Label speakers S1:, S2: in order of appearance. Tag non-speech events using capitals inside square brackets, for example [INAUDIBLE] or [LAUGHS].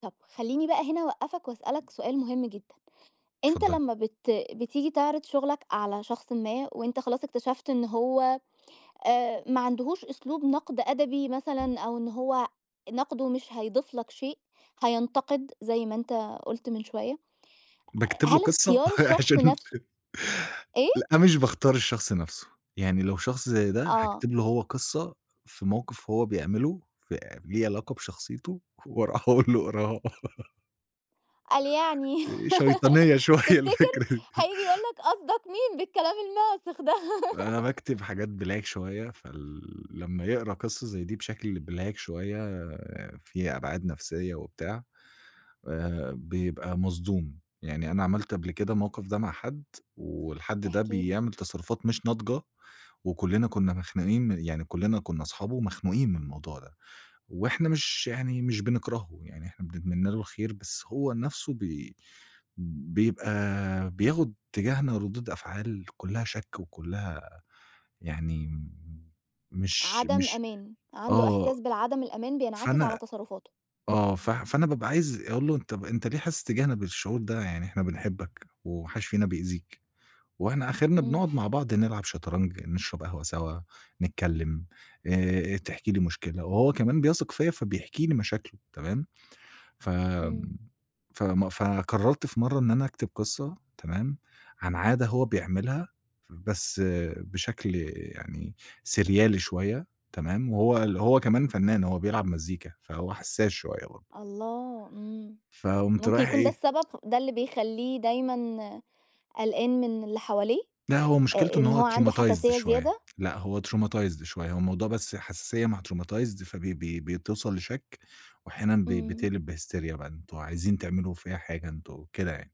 S1: طب خلّيني بقى هنا أوقّفك وأسألك سؤال مهم جدًا، أنت
S2: اتفضلي.
S1: لمّا بت بتيجي تعرض شُغلك على شخصٍ ما، وأنت خلاص اكتشفت إن هو آآ، ما عندهوش أسلوب نقْد أدبي
S2: امم.
S1: مثلًا أو إن هو نقْده مش هيضيف لك شيء هينْتَقد زي ما أنت قُلت من شوية آآ،
S2: باكتب له
S1: هل
S2: قصة،
S1: اختيار الشخص
S2: عشان
S1: نَفْسه إيه؟
S2: لأ مش باختار الشخص نَفْسه يعني لو شخص زي ده،
S1: آه.
S2: هاكتب له هو قصة في موقف هو بيعمله فليه علاقة بشخصيته وأروح أقول له اقراها [LAUGHS]
S1: قال يعني
S2: آآ شيْطانية
S1: [LAUGHS]
S2: شوية
S1: تفتكر؟
S2: الفكرة.
S1: هييجي يقول
S2: [LAUGHS]
S1: لك قصدك مين بالكلام الماسِخ ده؟ [LAUGHS]
S2: أنا باكتب حاجات black شوية فال لمّا يقرا قصة زي دي بشكل black شوية آآ، فيها أبْعاد نَفْسية وبتاع آآ، بيبقى مصدوم يعني أنا عملت قبل كده الموقف ده مع حد والحد ده
S1: احكِ لي.
S2: بيعمل تصرفات مش ناضجة، وكلنا كنا مخنوقين من يعني كُلّنا كُنّا أصحابه ومخنوقين من الموضوع ده، وإحنا مش يعني مش بنكرهه، يعني إحنا بنتمنى له الخير بس هو نفسه بي بيبقى بياخد تِجاهْنا رُِدود أفعال كلّها شَك وكلّها يعني مش
S1: عدم
S2: مش
S1: أمان، عنده
S2: آه
S1: إحساس بعدم الأمان بينعكس على
S2: فأنا
S1: تصرفاته.
S2: آه، ف فأنا بابقى عايز أقول له طَب أنت ليه حاسس تِجاهْنا بالشُعور ده؟ يعني إحنا بنحبك وما حدش فينا بيأذيك، وإحنا آخِرْنا
S1: إمم.
S2: بنقعد مع بعض نلعب شطرنج نشرب قهوة سوا، نتكلم آآ، تحكي لي مشكلة، وهو كمان بيثق فيّا فبيحكي لي مشاكله تمام؟ ف
S1: إمم.
S2: فم فقرّرت في مرّة إن أنا أكتب قصة تمام؟ عن عادة هو بيعملها بس آآ، بشكل آآ، يعني سِرْيالي شوية تمام؟ وهو ال هو كمان فنّان هو بيلعب مزيكا فهو حسّاس شوية برضه
S1: الله! إمم،
S2: فقُمت
S1: ممكن
S2: رايح
S1: يكون ده
S2: إيه؟
S1: السبب ده اللي بيخلّيه دايمًا آآ، قلْقان من اللي حواليه
S2: لأ هو مشكلته
S1: آآ،
S2: إن
S1: إن
S2: هو
S1: هو عنده
S2: traumatized
S1: حساسية
S2: شوية
S1: زيادة؟
S2: لأ هو traumatized شوية هو الموضوع بس حساسيّة مع traumatized فبي بي بتوْصل لشَك، وأحيانًا بي
S1: إمم.
S2: بتقلب بهستريا بان وعايزين تعملوا فيّا حاجة أنتم وكده يعني.